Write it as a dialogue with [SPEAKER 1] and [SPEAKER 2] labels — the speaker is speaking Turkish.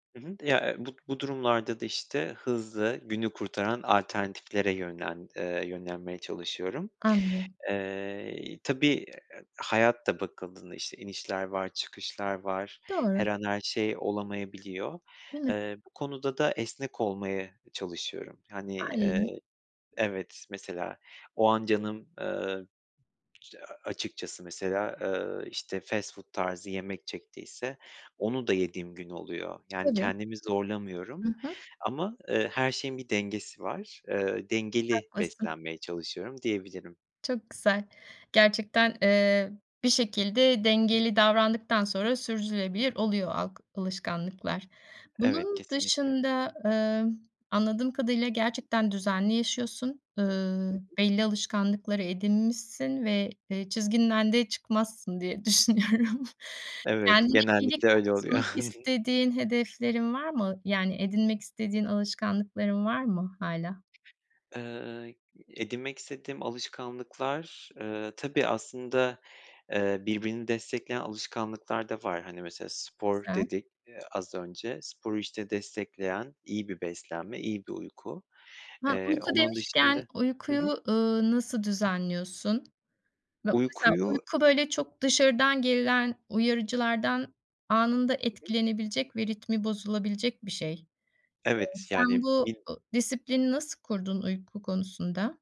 [SPEAKER 1] Hı hı. Ya, eee, bu bu durumlarda da, işte, hızlı, günü kurtaran alternatiflere yönlen eee, yönlenmeye çalışıyorum.
[SPEAKER 2] Anlıyorum.
[SPEAKER 1] Eee, iii, tabii, [unintelligible] hayat da bakıldığında, işte, inişler var. Çıkışlar var,
[SPEAKER 2] Doğru!
[SPEAKER 1] her an her şey olamayabiliyor.
[SPEAKER 2] Değil mi?
[SPEAKER 1] Eee, bu konuda da esnek olmaya e, çalışıyorum. Hani,
[SPEAKER 2] [unintelligible]
[SPEAKER 1] eee Evet, mesela o an canım, ııı, işte, a açıkçası mesela, ııı, işte, fast food tarzı yemek çektiyse onu da yediğim gün oluyor. Yani
[SPEAKER 2] Tabii.
[SPEAKER 1] kendimi zorlamıyorum
[SPEAKER 2] Hı hı.
[SPEAKER 1] ama, ııı, her şeyin bir dengesi var. Eee, dengeli
[SPEAKER 2] Haklısın.
[SPEAKER 1] beslenmeye çalışıyorum, diyebilirim.
[SPEAKER 2] Çok güzel! Gerçekten, eee, bir şekilde dengeli davrandıktan sonra sürdürülebilir oluyor alk alışkanlıklar.
[SPEAKER 1] Evet,
[SPEAKER 2] Bunun
[SPEAKER 1] kesinlikle!
[SPEAKER 2] dışında, ımm, anladığım kadarıyla gerçekten düzenli yaşıyorsun.
[SPEAKER 1] Hı
[SPEAKER 2] Iıı,
[SPEAKER 1] hı.
[SPEAKER 2] belli alışkanlıkları edinmişsin ve, eee, çizgiden de çıkmazsın diye düşünüyorum.
[SPEAKER 1] Evet,
[SPEAKER 2] Kendine iyilik
[SPEAKER 1] genellikle öyle
[SPEAKER 2] katmak
[SPEAKER 1] oluyor.
[SPEAKER 2] istediğin hedeflerin var mı? Yani edinmek istediğin alışkanlıkların var mı hâlâ?
[SPEAKER 1] Iıı, i edinmek istediğim alışkanlıklar, eee, tabii, aslında, eee, birbirini destekleyen alışkanlıklar da var. Hani, mesela spor
[SPEAKER 2] Güzel.
[SPEAKER 1] dedik, eee, az önce. Sporu, işte, destekleyen iyi bir beslenme, iyi bir uyku.
[SPEAKER 2] Ha,
[SPEAKER 1] Eee,
[SPEAKER 2] uyku
[SPEAKER 1] onun da
[SPEAKER 2] demişken
[SPEAKER 1] şimdi Hı hı.
[SPEAKER 2] uykuyu, ııı, nasıl düzenliyorsun? Ma mesela
[SPEAKER 1] Uykuyu
[SPEAKER 2] uyku, böyle, çok dışarıdan gelen uyarıcılardan anında
[SPEAKER 1] Hı hı.
[SPEAKER 2] etkilenebilecek ve ritmi bozulabilecek bir şey. Eee,
[SPEAKER 1] Evet,
[SPEAKER 2] sen
[SPEAKER 1] yani
[SPEAKER 2] bu
[SPEAKER 1] bil
[SPEAKER 2] ı disiplini nasıl kurdun, uyku konusunda?